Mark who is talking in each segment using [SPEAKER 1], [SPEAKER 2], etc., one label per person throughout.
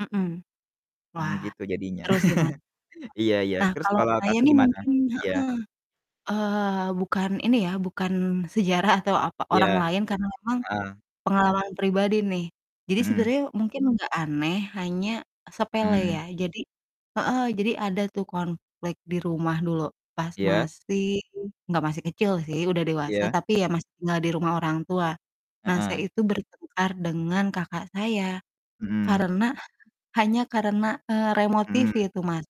[SPEAKER 1] Mhm.
[SPEAKER 2] Mmm,
[SPEAKER 1] Wah,
[SPEAKER 2] gitu jadinya.
[SPEAKER 1] terus ya, ma
[SPEAKER 2] Iya iya
[SPEAKER 1] nah,
[SPEAKER 2] terus
[SPEAKER 1] kalau
[SPEAKER 2] kalo
[SPEAKER 1] saya
[SPEAKER 2] Kakak
[SPEAKER 1] nih
[SPEAKER 2] gimana?
[SPEAKER 1] mungkin heeh,
[SPEAKER 2] Ya.
[SPEAKER 1] eee, bukan ini ya, bukan sejarah atau apa, orang
[SPEAKER 2] Iya,
[SPEAKER 1] lain karena memang
[SPEAKER 2] heeh.
[SPEAKER 1] pengalaman pribadi nih. Jadi
[SPEAKER 2] Mhm.
[SPEAKER 1] sebenernya mungkin gak aneh hanya sepele ya.
[SPEAKER 2] Mhm.
[SPEAKER 1] Jadi heeh. Jadi ada tuh konflik di rumah dulu, pas
[SPEAKER 2] Ya.
[SPEAKER 1] masih gak masih kecil sih udah dewasa,
[SPEAKER 2] Iya.
[SPEAKER 1] tapi ya masih tinggal di rumah orang tua. Nah, saya
[SPEAKER 2] Heeh.
[SPEAKER 1] itu bertengkar dengan kakak saya
[SPEAKER 2] Mhm.
[SPEAKER 1] karena hanya karena, eee, remote TV
[SPEAKER 2] Mhm.
[SPEAKER 1] itu Mas.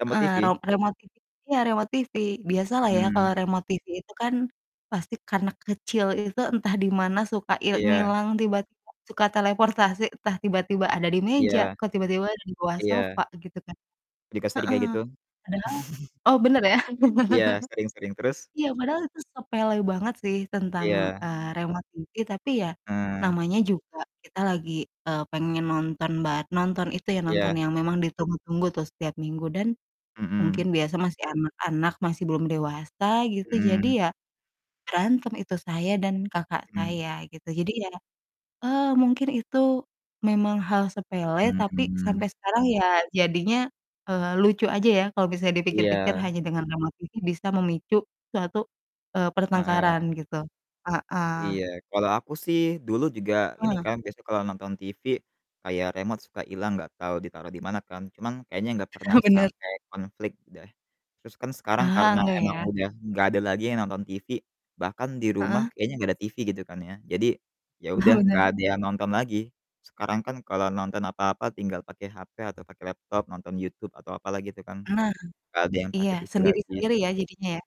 [SPEAKER 2] Remot
[SPEAKER 1] Eee, ro
[SPEAKER 2] TV?
[SPEAKER 1] remot TV iya remot TV. Biasa lah ya
[SPEAKER 2] Hmm.
[SPEAKER 1] kalo remote TV itu kan pasti karena kecil itu entah di mana suka il
[SPEAKER 2] Iya.
[SPEAKER 1] ngilang tiba-tiba suka teleportasi entah tiba-tiba ada di
[SPEAKER 2] Iya.
[SPEAKER 1] meja, kok tiba-tiba ada di bawah
[SPEAKER 2] Iya.
[SPEAKER 1] sofa gitu kan
[SPEAKER 2] Dika sering
[SPEAKER 1] heeh
[SPEAKER 2] kayak gitu.
[SPEAKER 1] padahal oh bener ya.
[SPEAKER 2] Iya, sering sering terus?
[SPEAKER 1] Iya, padahal itu sepele banget sih tentang,
[SPEAKER 2] Iya.
[SPEAKER 1] eee, remote TV tapi ya,
[SPEAKER 2] Eh.
[SPEAKER 1] namanya juga kita lagi, eee, pengen nonton bar nonton itu, ya, nonton
[SPEAKER 2] Iya.
[SPEAKER 1] yang memang ditunggu-tunggu tuh setiap minggu dan mungkin
[SPEAKER 2] Mhm.
[SPEAKER 1] biasa masih anak-anak, masih belum dewasa gitu, jadi
[SPEAKER 2] Mhm.
[SPEAKER 1] ya, berantem itu saya dan kakak
[SPEAKER 2] Mhm.
[SPEAKER 1] saya gitu. Jadi ya, eee, mungkin itu memang hal sepele, tapi sampai
[SPEAKER 2] Mmm.
[SPEAKER 1] sekarang ya jadinya, eee, lucu aja ya kalau bisa dipikir-pikir
[SPEAKER 2] Iya.
[SPEAKER 1] hanya dengan remote TV bisa memicu suatu, eee, pertengkaran
[SPEAKER 2] Heeh.
[SPEAKER 1] gitu. Heeh.
[SPEAKER 2] Iya. Kalo aku sih dulu juga ini
[SPEAKER 1] Heeh.
[SPEAKER 2] kan biasanya kalo nonton TV, kayak remot suka hilang gak tau ditaro di mana kan, cuman kayaknya gak pernah
[SPEAKER 1] bener.
[SPEAKER 2] sampe konflik deh. Terus kan sekarang
[SPEAKER 1] Ah, enggak
[SPEAKER 2] emang
[SPEAKER 1] ya?
[SPEAKER 2] udah gak ada lagi yang nonton TV, bahkan di rumah
[SPEAKER 1] Heeh.
[SPEAKER 2] kayaknya gak ada TV gitu kan ya. Jadi ya udah gak
[SPEAKER 1] Benar.
[SPEAKER 2] ada yang nonton lagi, sekarang kan kalo nonton apa-apa tinggal pake HP atau pake laptop, nonton YouTube atau apa lah gitu kan,
[SPEAKER 1] Nah,
[SPEAKER 2] gak ada yang
[SPEAKER 1] iya
[SPEAKER 2] pake TV lagi.
[SPEAKER 1] sendiri-sendiri ya jadinya, ya?